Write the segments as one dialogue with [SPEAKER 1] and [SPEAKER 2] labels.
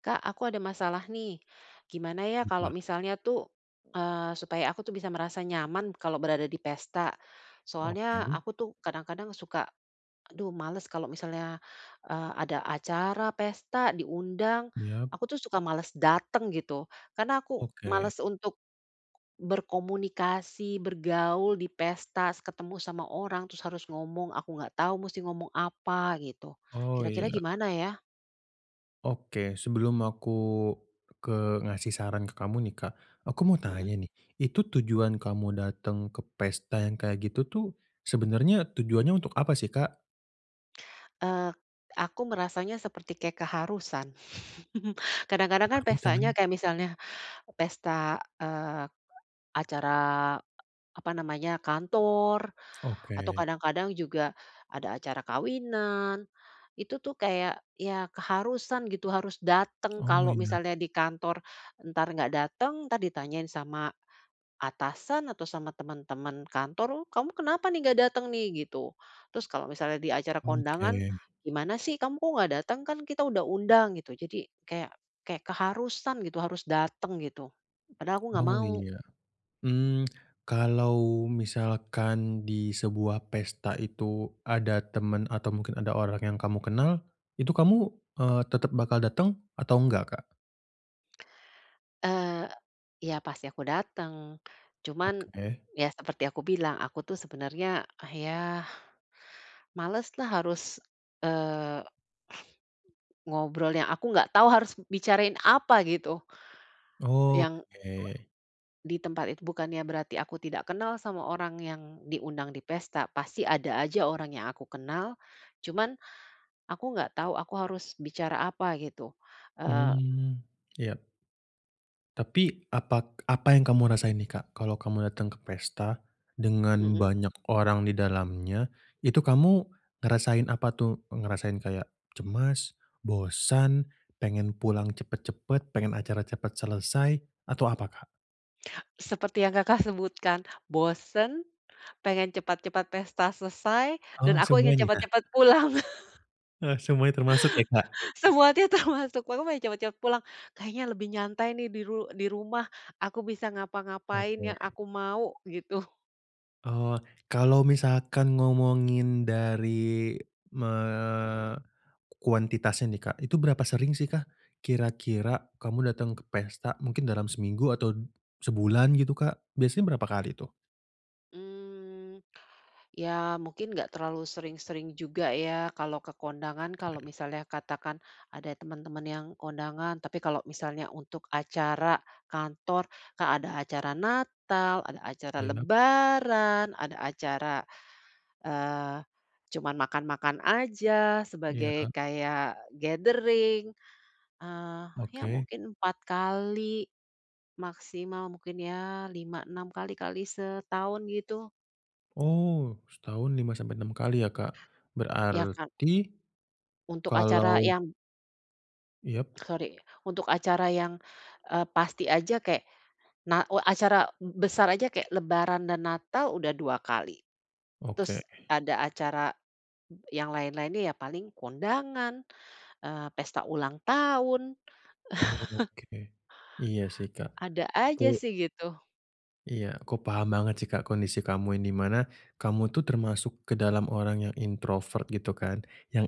[SPEAKER 1] Kak, aku ada masalah nih. Gimana ya
[SPEAKER 2] Kenapa?
[SPEAKER 1] kalau misalnya tuh, eee, supaya aku bisa merasa nyaman kalau berada di pesta. Soalnya
[SPEAKER 2] Oke.
[SPEAKER 1] aku tuh kadang-kadang suka, aduh malas, kalau misalnya, eee, ada acara pesta diundang,
[SPEAKER 2] Iyap.
[SPEAKER 1] aku tuh suka malas datang gitu karena aku
[SPEAKER 2] Oke.
[SPEAKER 1] malas untuk berkomunikasi, bergaul di pesta, se ketemu sama orang, terus harus ngomong, aku enggak tahu mesti ngomong apa gitu,
[SPEAKER 2] Oh,
[SPEAKER 1] kira-kira
[SPEAKER 2] iya.
[SPEAKER 1] gimana ya?
[SPEAKER 2] Oke. Sebelum aku ke ngasih saran ke kamu nih, Kak, aku mau
[SPEAKER 1] Mhm.
[SPEAKER 2] tanya nih, itu tujuan kamu datang ke pesta yang kayak gitu tuh sebenarnya tujuannya untuk apa sih, Kak?
[SPEAKER 1] Eee, aku merasanya seperti kayak keharusan. Kadang-kadang kan
[SPEAKER 2] Keharusan?
[SPEAKER 1] pestanya kayak misalnya pesta, eee eee, acara, apa namanya, kantor atau
[SPEAKER 2] Oke.
[SPEAKER 1] kadang-kadang juga ada acara kawinan. Itu tuh kayak iya keharusan gitu, harus datang.
[SPEAKER 2] Oh,
[SPEAKER 1] Kalau
[SPEAKER 2] iya.
[SPEAKER 1] misalnya di kantor entar enggak datang, entar ditanyain sama atasan atau sama teman-teman kantor, "Uh, kamu kenapa enggak datang nih?" Gitu. Terus kalau misalnya di acara kondangan,
[SPEAKER 2] Oke.
[SPEAKER 1] "Gimana sih kamu kok enggak datang? Kan kita udah undang." Gitu. Jadi kayak kayak keharusan gitu, harus datang gitu, padahal aku enggak
[SPEAKER 2] Oh,
[SPEAKER 1] mau.
[SPEAKER 2] iya, mmm, kalau misalkan di sebuah pesta itu ada teman atau mungkin ada orang yang kamu kenal, itu kamu, eee, tetap bakal datang atau enggak, Kak?
[SPEAKER 1] Eee, iya pasti aku dateng. Cuman
[SPEAKER 2] Oke.
[SPEAKER 1] ya seperti aku bilang aku tuh sebenernya ya maleslah harus, eee, ngobrol yang aku nggak tahu harus bicarain apa, gitu. Yang a
[SPEAKER 2] Oke.
[SPEAKER 1] di tempat itu bukannya berarti aku tidak kenal sama orang yang diundang di pesta. Pasti ada aja orang yang aku kenal. Cuman, aku nggak tahu aku harus bicara apa gitu. Eee
[SPEAKER 2] Mmm, ya. Tapi, apak apa yang kamu rasain nih Kak? Kalo kamu datang ke pesta, dengan
[SPEAKER 1] Heeh.
[SPEAKER 2] banyak orang di dalamnya, itu kamu ngerasain apa tuh? Ngerasain kayak cemas? bosan? Pengen pulang cepet-cepet? Pengen acara cepet selesai? Atau apa Kak?
[SPEAKER 1] Seperti yang Kakak sebutkan, bosen, pengen cepat-cepat pesta selesai, dan
[SPEAKER 2] Oh,
[SPEAKER 1] aku ingin
[SPEAKER 2] semuanya?
[SPEAKER 1] cepet-cepet pulang.
[SPEAKER 2] Eh, semuanya termasuk ya Kak?
[SPEAKER 1] Semua ti termasuk [unintelligible] cepet-cepet pulang. Kayaknya lebih nyantai nih diru di rumah. Aku bisa ngapa-ngapain yang
[SPEAKER 2] Oke.
[SPEAKER 1] aku mau gitu.
[SPEAKER 2] Eee, kalau misalkan ngomongin dari, eee, kuantitasnya nih, Kak, itu berapa sering, sih, Kak? Kira-kira kamu datang ke pesta mungkin dalam seminggu atau sebulan gitu, Kak, biasanya berapa kali, tuh?
[SPEAKER 1] Mmm, ya mungkin nggak terlalu sering-sering juga, ya, kalau ke kondangan. Kalau
[SPEAKER 2] Oke.
[SPEAKER 1] misalnya katakan ada temen-temen yang kondangan. Tapi kalau misalnya untuk acara kantor, Kak, ada acara natal, ada acara
[SPEAKER 2] Iya.
[SPEAKER 1] lebaran, ada acara, eee, cuman makan-makan aja sebagai
[SPEAKER 2] Iya.
[SPEAKER 1] kayak gathering ah, ya,
[SPEAKER 2] Oke.
[SPEAKER 1] mungkin 4 kali. Maksimal mungkin, ya, 5, 6, kali kali setahun gitu.
[SPEAKER 2] Oh, setahun 5 sampai 6 kali, ya, Kak,
[SPEAKER 1] Iya, kan
[SPEAKER 2] berarti,
[SPEAKER 1] Untuk acara
[SPEAKER 2] kalau
[SPEAKER 1] yam
[SPEAKER 2] Yap.
[SPEAKER 1] sori untuk acara yang, eee, pasti aja kayak nah u acara be besar aja kayak lebaran dan natal udah 2 kali.
[SPEAKER 2] Oke.
[SPEAKER 1] Terus ada acara, yang lain-lainnya, ya, paling kondangan, eee, pesta ulang tahun.
[SPEAKER 2] Oke. Iya, sih, Kak.
[SPEAKER 1] Ada
[SPEAKER 2] Aku
[SPEAKER 1] aja, sih, gitu.
[SPEAKER 2] Iya, aku paham banget sih, Kak, kondisi kamu ini, di mana kamu itu termasuk ke dalam orang yang introvert, gitu kan? Yang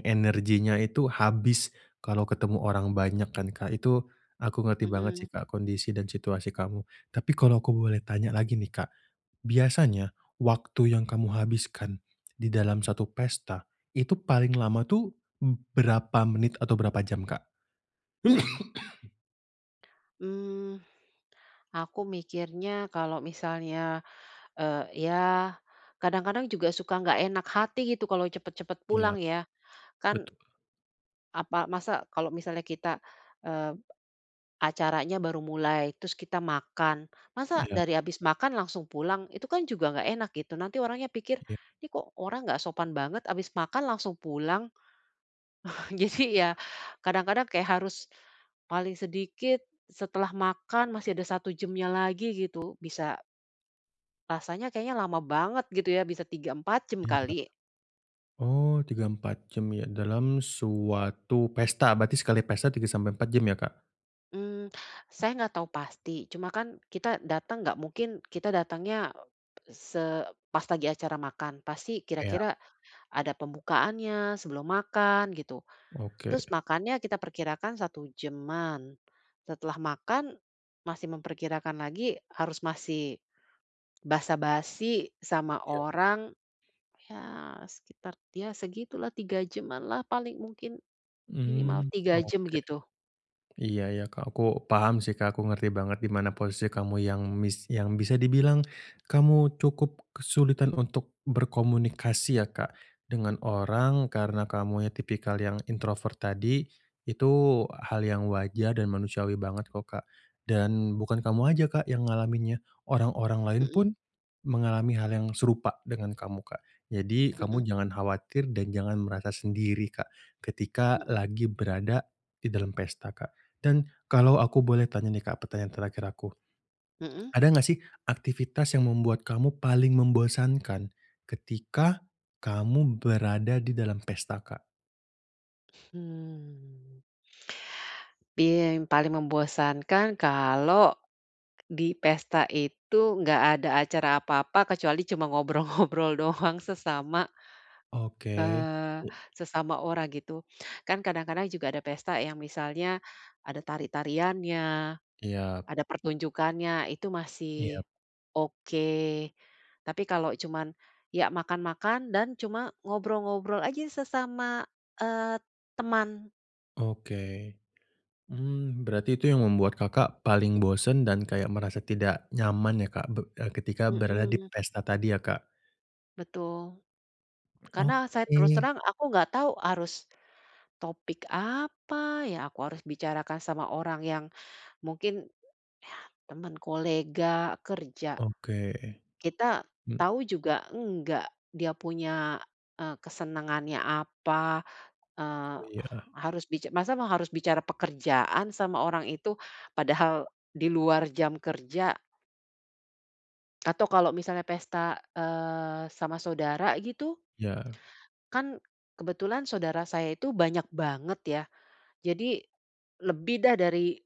[SPEAKER 1] [unintelligible]
[SPEAKER 2] energinya itu habis, kalau ketemu orang banyak kan, Kak? Itu, aku ngerti banget
[SPEAKER 1] Mhm.
[SPEAKER 2] sih, Kak, kondisi dan situasi kamu. Tapi kalau aku boleh tanya lagi nih, Kak, biasanya, waktu yang kamu habiskan, di dalam 1 pesta, itu paling lama tuh b berapa menit, atau berapa jam, Kak?
[SPEAKER 1] Mmm. Aku mikirnya kalau misalnya, eee, ya, kadang-kadang juga suka nggak enak hati gitu, kalau cepet-cepet
[SPEAKER 2] Iya.
[SPEAKER 1] pulang ya. Kan
[SPEAKER 2] Betul.
[SPEAKER 1] apa masa kalau misalnya kita, eee, acaranya baru mulai, terus kita makan, masa
[SPEAKER 2] Iya.
[SPEAKER 1] dari habis makan langsung pulang? Itu kan juga nggak enak, gitu. Nanti orangnya pikir,
[SPEAKER 2] Iya.
[SPEAKER 1] "Ini kok orang nggak sopan banget, habis makan langsung pulang." Jadi ya, kadang-kadang kayak harus, paling sedikit, setelah makan masih ada 1 jamnya lagi gitu, bisa Rasanya kayaknya lama banget gitu ya, bisa 3, 4 jam
[SPEAKER 2] Iya.
[SPEAKER 1] kali.
[SPEAKER 2] Oh 3, 4 jam ya, dalam suatu pesta, berarti sekali pesta 3-4 ya Kak?
[SPEAKER 1] Mmm, saya nggak tahu pasti. Cuma kan, kita datang nggak mungkin kita datangnya, eee, se pas lagi acara makan, pasti
[SPEAKER 2] Iya.
[SPEAKER 1] kira-kira ada pembukaannya sebelum makan gitu.
[SPEAKER 2] Oke.
[SPEAKER 1] Terus makannya kita perkirakan 1 jam-an, setelah makan masih memperkirakan lagi harus masih basa-basi sama
[SPEAKER 2] Iya.
[SPEAKER 1] orang, ya sekitar ya segitu lah, 3 jam-an lah paling mungkin. Minimal
[SPEAKER 2] Mmm,
[SPEAKER 1] 3 jam
[SPEAKER 2] oke.
[SPEAKER 1] gitu.
[SPEAKER 2] Iya iya Kak, aku paham sih Kak. Aku ngerti banget di mana posisi kamu yang mis yang bisa dibilang kamu cukup kesulitan untuk berkomunikasi ya Kak, dengan orang karena kamu yang tipikal yang introvert tadi, itu hal yang wajar dan manusiawi banget kok Kak. Dan bukan kamu aja Kak, yang ngalaminnya, orang-orang lain
[SPEAKER 1] Mhm.
[SPEAKER 2] pun, mengalami hal yang serupa dengan kamu Kak. Jadi kamu
[SPEAKER 1] Mhm.
[SPEAKER 2] jangan khawatir dan jangan merasa sendiri Kak, ketika
[SPEAKER 1] Mhm.
[SPEAKER 2] lagi berada di dalam pesta Kak. Dan kalau aku boleh tanya nih Kak, pertanyaan terakhir aku.
[SPEAKER 1] Mhm.
[SPEAKER 2] Ada enggak sih aktivitas yang membuat kamu paling membosankan ketika kamu berada di dalam pesta Kak?
[SPEAKER 1] Hmm. Iya, yang paling membosankan kalo di pesta itu nggak ada acara apa-apa, kecuali cuma ngobrol-ngobrol doang sesama
[SPEAKER 2] Oke.
[SPEAKER 1] Eee, sesama orang, gitu. Kan kadang-kadang juga ada pesta yang misalnya ada tari-tariannya,
[SPEAKER 2] Iya.
[SPEAKER 1] ada pertunjukannya itu
[SPEAKER 2] Iya.
[SPEAKER 1] masih oke. Tapi kalo cuman, ya makan-makan dan cuma ngobrol-ngobrol aja sesama, eee, teman.
[SPEAKER 2] Oke. Mmm, berarti itu yang membuat Kakak paling bosen dan kayak merasa tidak nyaman ya, Kak, be eee, ketika berada di
[SPEAKER 1] Mhm.
[SPEAKER 2] pesta tadi ya, Kak?
[SPEAKER 1] Betul. Karena saya terus
[SPEAKER 2] Oke.
[SPEAKER 1] terang aku nggak tahu harus, topik apa ya, aku harus bicarakan sama orang yang mungkin teman kolega, kerja.
[SPEAKER 2] Oke.
[SPEAKER 1] Kita
[SPEAKER 2] Hmm.
[SPEAKER 1] tahu juga enggak, dia punya e kesenangannya apa? Eee,
[SPEAKER 2] Oh, iya.
[SPEAKER 1] harus bica masa harus bicara pekerjaan sama orang itu. Padahal di luar jam kerja. Atau kalau misalnya pesta, eee, sama saudara, gitu?
[SPEAKER 2] Iya.
[SPEAKER 1] Kan kebetulan saudara saya itu banyak banget, ya. Jadi, lebih dah dari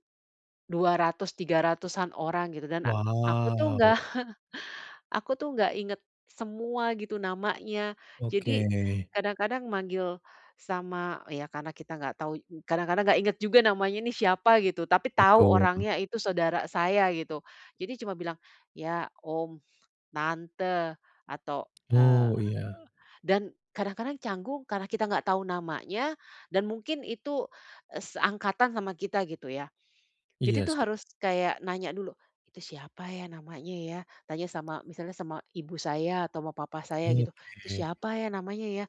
[SPEAKER 1] 200, 300-an orang gitu kan dan a aku tuh, enggak.
[SPEAKER 2] Waw.
[SPEAKER 1] Aku tuh, enggak inget semua gitu namanya.
[SPEAKER 2] Oke.
[SPEAKER 1] Jadi, kadang-kadang manggil sama ya, karena kita enggak tahu kadang-kadang enggak inget juga namanya nih, siapa gitu. Tapi tahu
[SPEAKER 2] Betul.
[SPEAKER 1] orangnya itu saudara saya, gitu. Jadi cuma bilang ya, om, tante atau, eee
[SPEAKER 2] Oh, iya.
[SPEAKER 1] dan kadang-kadang canggung karena kita enggak tahu namanya dan mungkin itu, e seangkatan sama kita, gitu ya. Jadi
[SPEAKER 2] Iya,
[SPEAKER 1] tuh,
[SPEAKER 2] sih.
[SPEAKER 1] harus kayak nanya dulu, "Itu siapa ya, namanya ya?" Tanya sama misalnya sama ibu saya atau sama papah saya gitu. "Itu
[SPEAKER 2] Oke.
[SPEAKER 1] siapa ya, namanya ya,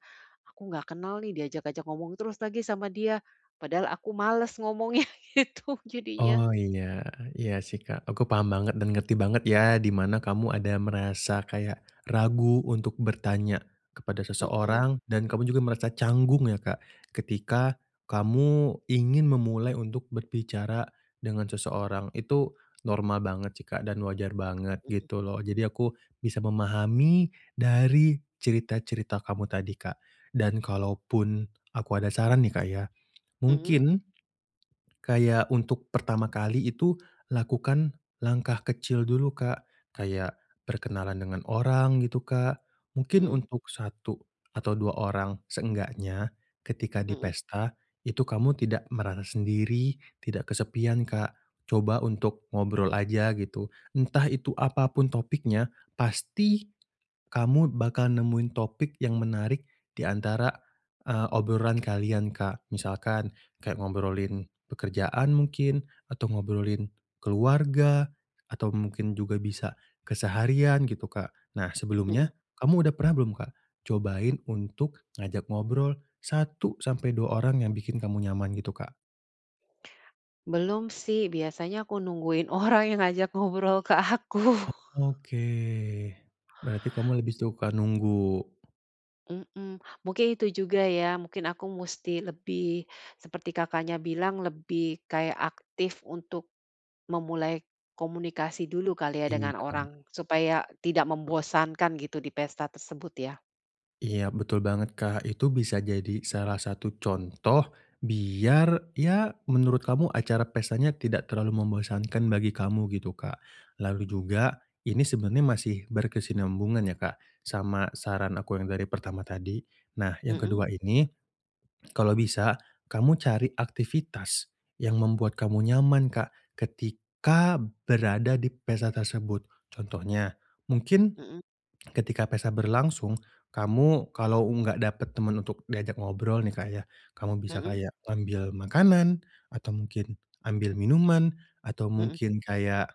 [SPEAKER 1] aku enggak kenal nih, diajak-ajak ngomong terus lagi sama dia. Padahal aku males ngomongnya", gitu jadinya.
[SPEAKER 2] Oh, iya, iya, sih, Kak. Aku paham banget dan ngerti banget ya, di mana kamu ada merasa kayak ragu untuk bertanya kepada
[SPEAKER 1] Mhm.
[SPEAKER 2] seseorang dan kamu juga merasa canggung, ya, Kak. Ketika kamu ingin memulai untuk berbicara dengan seseorang. Itu normal banget sih Kak, dan wajar banget
[SPEAKER 1] Mhm.
[SPEAKER 2] gitu loh. Jadi aku bisa memahami dari cerita-cerita kamu tadi Kak, dan kalaupun aku ada saran nih Kak, ya.
[SPEAKER 1] Mhm.
[SPEAKER 2] Mungkin kayak untuk pertama kali itu lakukan langkah kecil dulu Kak. Kayak berkenalan dengan orang, gitu Kak. Mungkin
[SPEAKER 1] Mhm.
[SPEAKER 2] untuk 1 atau 2 orang. Seenggaknya ketika di
[SPEAKER 1] Mhm.
[SPEAKER 2] pesta itu kamu tidak merasa sendiri, tidak kesepian Kak, coba untuk ngobrol aja gitu. Entah itu apapun topiknya pasti kamu bakal nemuin topik yang menarik di antara, e obrolan kalian Kak. Misalkan, kayak ngobrolin pekerjaan mungkin atau ngobrolin keluarga atau mungkin juga bisa keseharian gitu Kak. Nah,
[SPEAKER 1] Mhm.
[SPEAKER 2] sebelumnya kamu udah pernah belum Kak, cobain untuk ngajak ngobrol 1 sampai 2 orang yang bikin kamu nyaman gitu, Kak?
[SPEAKER 1] Belum, sih, biasanya aku nungguin orang yang ngajak ngobrol ke aku.
[SPEAKER 2] Oke, berarti kamu lebih suka nunggu.
[SPEAKER 1] Mhm. Mungkin itu juga, ya, mungkin aku musti lebih seperti Kakaknya bilang lebih kayak aktif untuk memulai komunikasi dulu kali, ya, dengan
[SPEAKER 2] Iya.
[SPEAKER 1] orang supaya tidak membosankan gitu di pesta tersebut, ya.
[SPEAKER 2] Iya, betul banget Kak. Itu bisa jadi salah satu contoh biar, ya, menurut kamu acara pestanya tidak terlalu membosankan bagi kamu gitu, Kak. Lalu juga ini sebenernya masih berkesinambungan, ya, Kak. Sama saran aku yang dari pertama tadi. Nah, yang
[SPEAKER 1] Mhm.
[SPEAKER 2] kedua ini kalau bisa kamu cari aktivitas yang membuat kamu nyaman Kak, ketika berada di pesta tersebut. Contohnya, mungkin
[SPEAKER 1] Mhm.
[SPEAKER 2] ketika pesta berlangsung. Kamu, kalau enggak dapet temen untuk diajak ngobrol, nih, Kak, Ya. Kamu bisa
[SPEAKER 1] Mhm.
[SPEAKER 2] kayak ngambil makanan, atau mungkin ambil minuman, atau
[SPEAKER 1] Mhm.
[SPEAKER 2] mungkin kayak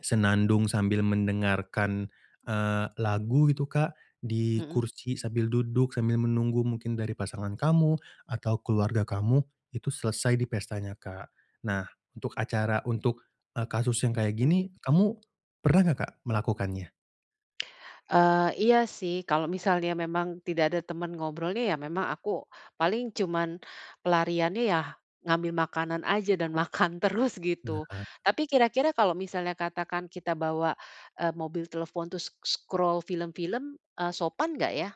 [SPEAKER 2] senandung sambil mendengarkan, eee, lagu gitu Kak. Di
[SPEAKER 1] Mhm.
[SPEAKER 2] kursi, sambil duduk, sambil menunggu mungkin dari pasangan kamu, atau keluarga kamu, itu selesai di pestanya Kak. Nah, untuk acara untuk, eee, kasus yang kayak
[SPEAKER 1] Mhm.
[SPEAKER 2] gini, kamu pernah enggak Kak, melakukannya?
[SPEAKER 1] Eee, iya, sih, kalau misalnya memang tidak ada teman ngobrolnya, ya, memang aku, paling cuman pelariannya, ya, ngambil makanan aja dan makan terus gitu.
[SPEAKER 2] Nah.
[SPEAKER 1] Tapi kira-kira kalau misalnya katakan kita bawa, eee, mobil telepon terus s s scroll film-film, eee, sopan nggak, ya?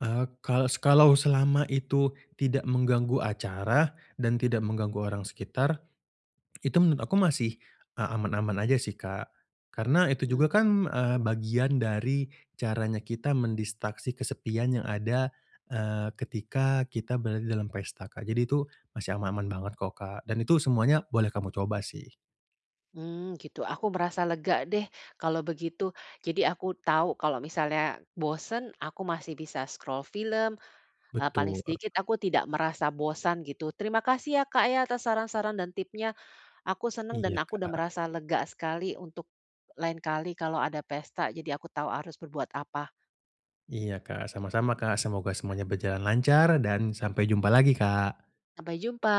[SPEAKER 2] Eee, kalau se kalau selama itu tidak mengganggu acara, dan tidak mengganggu orang sekitar, itu menurut aku masih, eee, aman-aman aja, sih, Kak. Karena itu juga
[SPEAKER 1] Hmm.
[SPEAKER 2] kan, eee, bagian dari caranya kita mendistraksi kesepian yang ada, eee, ketika kita berada di dalam pesta, Kak, jadi itu masih aman-aman banget kok, Kak. Dan itu semuanya boleh kamu coba, sih.
[SPEAKER 1] Mmm, gitu, aku merasa lega, deh, kalau begitu. Jadi aku tahu kalau misalnya bosen, aku masih bisa scroll film, eee, paling
[SPEAKER 2] Betul.
[SPEAKER 1] sedikit aku tidak merasa bosan gitu. Terima kasih, ya, Kak, ya, atas saran-saran dan tipsnya. Aku senang dan
[SPEAKER 2] Iya,
[SPEAKER 1] aku udah
[SPEAKER 2] Kak.
[SPEAKER 1] merasa lega sekali, untuk lain kali kalau ada pesta, jadi aku tau harus berbuat apa.
[SPEAKER 2] Iya, Kak, sama-sama, Kak. Semoga semuanya berjalan lancar dan sampai jumpa lagi, Kak.
[SPEAKER 1] Sampai jumpa.